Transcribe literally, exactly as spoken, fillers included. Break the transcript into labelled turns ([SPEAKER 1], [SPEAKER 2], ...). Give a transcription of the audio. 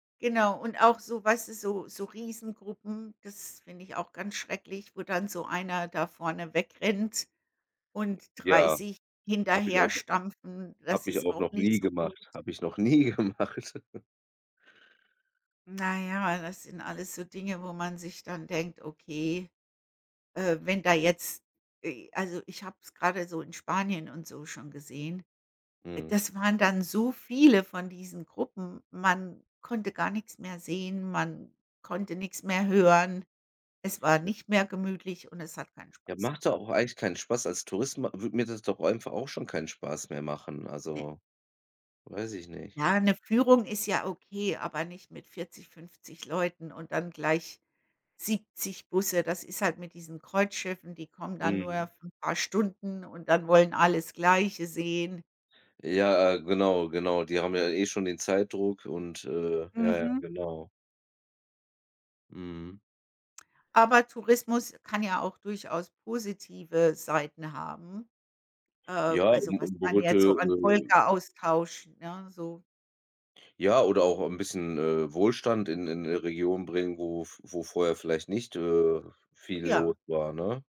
[SPEAKER 1] Genau und auch so weißt du, so so Riesengruppen, das finde ich auch ganz schrecklich, wo dann so einer da vorne wegrennt und
[SPEAKER 2] Ja,
[SPEAKER 1] dreißig
[SPEAKER 2] habe ich auch noch
[SPEAKER 1] hinterherstampfen, das
[SPEAKER 2] habe ich
[SPEAKER 1] ist
[SPEAKER 2] auch
[SPEAKER 1] auch
[SPEAKER 2] noch
[SPEAKER 1] nicht
[SPEAKER 2] nie
[SPEAKER 1] so gut.
[SPEAKER 2] gemacht habe ich noch nie gemacht.
[SPEAKER 1] Na ja, das sind alles so Dinge, wo man sich dann denkt, okay, äh, wenn da jetzt e also, ich habe es grade so in Spanien und so schon gesehen.
[SPEAKER 2] Mhm.
[SPEAKER 1] Das waren dann so viele von diesen Gruppen. Man konnte gar nix mehr sehen. Man konnte nix mehr hören. Es war
[SPEAKER 2] Ne
[SPEAKER 1] nicht mehr gemütlich und es hat keinen
[SPEAKER 2] Ja,
[SPEAKER 1] Spaß
[SPEAKER 2] macht doch
[SPEAKER 1] gemacht.
[SPEAKER 2] auch eigentlich keinen Spaß. Als Tourist ma würde mir das doch einfach auch schon keinen Spaß mehr machen.
[SPEAKER 1] Ne.
[SPEAKER 2] Also, weiß ich nicht.
[SPEAKER 1] Ja, 'ne Führung ist ja okay, aber nicht mit vierzig, fünfzig Leuten und dann gleich siebzig Busse. Das ist halt mit diesen Kreuzschiffen, die kommen dann nur
[SPEAKER 2] Mhm.
[SPEAKER 1] für 'n paar Stunden und dann wollen alle das Gleiche sehen.
[SPEAKER 2] Ja, genau, genau, die haben ja eh schon den Zeitdruck und, äh ja, ja,
[SPEAKER 1] Mhm.
[SPEAKER 2] genau. Mhm.
[SPEAKER 1] Aber Tourismus kann ja auch durchaus positive Seiten haben. Äh,
[SPEAKER 2] Ja,
[SPEAKER 1] also,
[SPEAKER 2] um
[SPEAKER 1] was
[SPEAKER 2] um,
[SPEAKER 1] kann
[SPEAKER 2] [unintelligible]
[SPEAKER 1] jetzt so an
[SPEAKER 2] äh
[SPEAKER 1] Volkeraustausch, ne? So.
[SPEAKER 2] Ja, oder auch ein bisschen, äh, Wohlstand in in 'ne Region bringen, wo v wo vorher vielleicht nicht, äh, viel
[SPEAKER 1] Ja.
[SPEAKER 2] los war, ne?